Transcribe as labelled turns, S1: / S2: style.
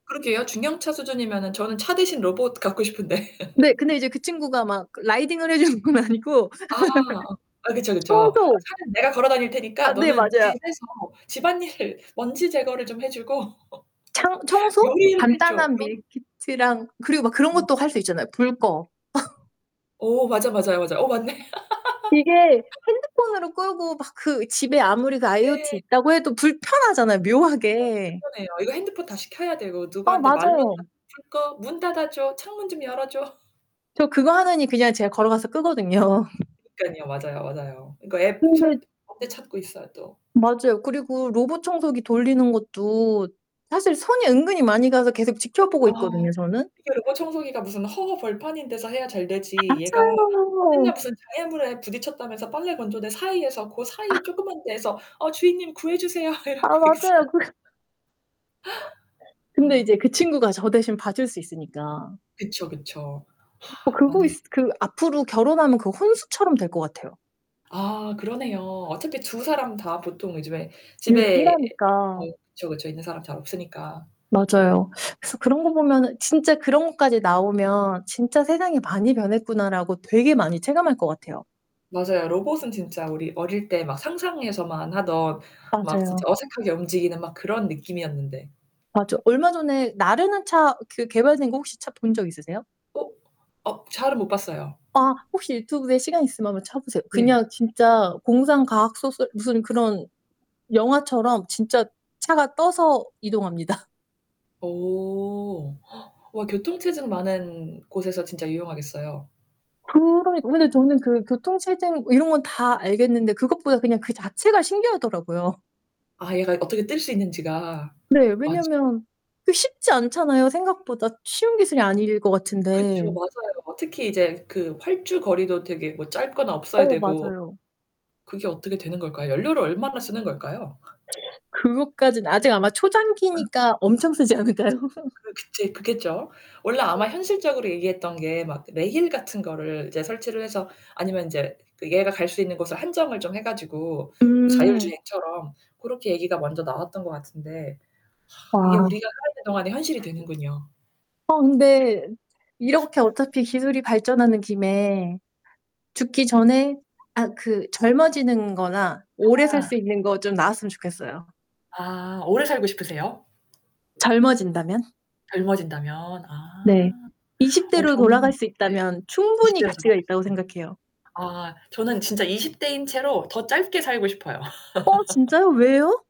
S1: 그러게요. 중형차 수준이면은 저는 차 대신 로봇 갖고 싶은데.
S2: 네. 근데 이제 그 친구가 막 그 라이딩을 해 주는 건 아니고
S1: 아. 아 그쵸, 그쵸. 아
S2: 청소
S1: "차는 내가 걸어 다닐 테니까
S2: 아 네.
S1: 너는
S2: 맞아요.
S1: 집에서 집안일을 먼지 제거를 좀 해 주고
S2: 창 청소?
S1: 요리를 해 줘."
S2: 간단한
S1: 좀.
S2: 밀키트랑 그리고 막 그런
S1: 어.
S2: 것도 할 수 있잖아요. "불 꺼."
S1: 오 맞아, 맞아요, 맞아요. 어 맞네.
S2: 이게 핸드폰으로 끄고 막 그 집에 아무리 그 IOT
S1: 네.
S2: 있다고 해도 불편하잖아요
S1: 아 불편해요,
S2: 묘하게.
S1: 불편해요. 이거 핸드폰 다시 켜야 되고
S2: 아
S1: 누구한테 말로 다
S2: 맞아요.
S1: 풀 거 거 "문 닫아줘. 창문 좀 열어줘."
S2: 저 그거 하느니 그냥 제가 걸어가서 끄거든요.
S1: 그러니깐요. 맞아요, 맞아요. 그러니까 앱
S2: 근데
S1: 설 언제 찾고 있어요 또.
S2: 맞아요. 그리고 로봇 청소기 돌리는 것도 사실 손이 은근히 많이 가서 계속 지켜보고
S1: 어.
S2: 있거든요 저는.
S1: 이게 로봇 청소기가 무슨 허허벌판인 데서 해야 잘
S2: 아
S1: 되지 얘가 아
S2: 맞아요.
S1: 맨날 무슨 장애물에 부딪혔다면서 빨래 건조대 사이에서 고 사이
S2: 아.
S1: 쪼끄만 데에서 "어 주인님 구해주세요."
S2: 아
S1: 이러고 있어.
S2: 맞아요. 그래 네. 근데
S1: 어.
S2: 이제 그 친구가 저 대신 봐줄 수 있으니까.
S1: 그쵸, 그쵸.
S2: 어 그거
S1: 맞네.
S2: 있 그 앞으로 결혼하면 그 혼수처럼 될 것 같아요.
S1: 아 그러네요. 어차피 두 사람 다 보통 요즘에
S2: 일
S1: 집에 어
S2: 일하니까.
S1: 그쵸, 그쵸 있는 사람 잘 없으니까.
S2: 맞아요. 그래서 그런 거 보면은 진짜 그런 것까지 나오면 '진짜 세상이 많이 변했구나.'라고 되게 많이 체감할 것 같아요.
S1: 맞아요. 로봇은 진짜 우리 어릴 때 막 상상에서만 하던 막
S2: 맞아요.
S1: 진짜 어색하게 움직이는 막 그런 느낌이었는데.
S2: 아 저 얼마 전에 나르는 차 그 개발된 거 혹시 차 본 적 있으세요?
S1: 어. 어 잘은 못 봤어요.
S2: 아 혹시 유튜브에 시간 있으면 한번 쳐 보세요.
S1: 네.
S2: 그냥 진짜 공상 과학 소설 무슨 그런 영화처럼 진짜 차가 떠서 이동합니다.
S1: 오. 와, 교통 체증 많은 곳에서 진짜 유용하겠어요.
S2: 그러니까 근데 저는 그 교통 체증 뭐 이런 건 다 알겠는데 그것보다 그냥 그 자체가 신기하더라고요.
S1: 아 얘가 이 어떻게 뜰 수 있는지가.
S2: 네.
S1: 맞아.
S2: 왜냐면 그 쉽지 않잖아요 생각보다 쉬운 기술이 아닐 것
S1: 그쵸.
S2: 같은데.
S1: 맞아요. 뭐 특히 이제 그 활주 거리도 되게 뭐 짧거나 없어야
S2: 어
S1: 되고.
S2: 맞아요.
S1: 그게 어떻게 되는 걸까요? 연료를 얼마나 쓰는 걸까요?
S2: 그것까지는 아직 아마
S1: 어.
S2: 초창기니까 엄청 쓰지 않을까요?
S1: 그게 제일 크겠죠. 원래
S2: 네.
S1: 아마 현실적으로 얘기했던 게 막 레일 같은 거를 이제 설치를 해서 아니면 인제 그 얘가 갈 수 있는 곳을 한정을 좀 해 가지고 뭐
S2: 음.
S1: 자율주행처럼 고렇게 얘기가 먼저 나왔던 것 같은데 이게
S2: 아.
S1: 우리가 살아 있는 동안의 현실이 되는군요. 네.
S2: 어 근데 이렇게 어차피 기술이 발전하는 김에 죽기 전에 아 그 젊어지는 거나 오래 살
S1: 아.
S2: 수 있는 거 좀 나왔으면 좋겠어요.
S1: 아. 오래 살고 싶으세요?
S2: 젊어진다면.
S1: 젊어진다면.
S2: 네.
S1: 아.
S2: 20
S1: 어
S2: 대로
S1: 저는
S2: 돌아갈 수
S1: 네.
S2: 있다면
S1: 20
S2: 충분히
S1: 대라서 뭐
S2: 가치가
S1: 알 수
S2: 있다고
S1: 데.
S2: 생각해요.
S1: 아 저는 진짜 20 대인 채로 더 짧게 살고 싶어요.
S2: 어 진짜요? 왜요?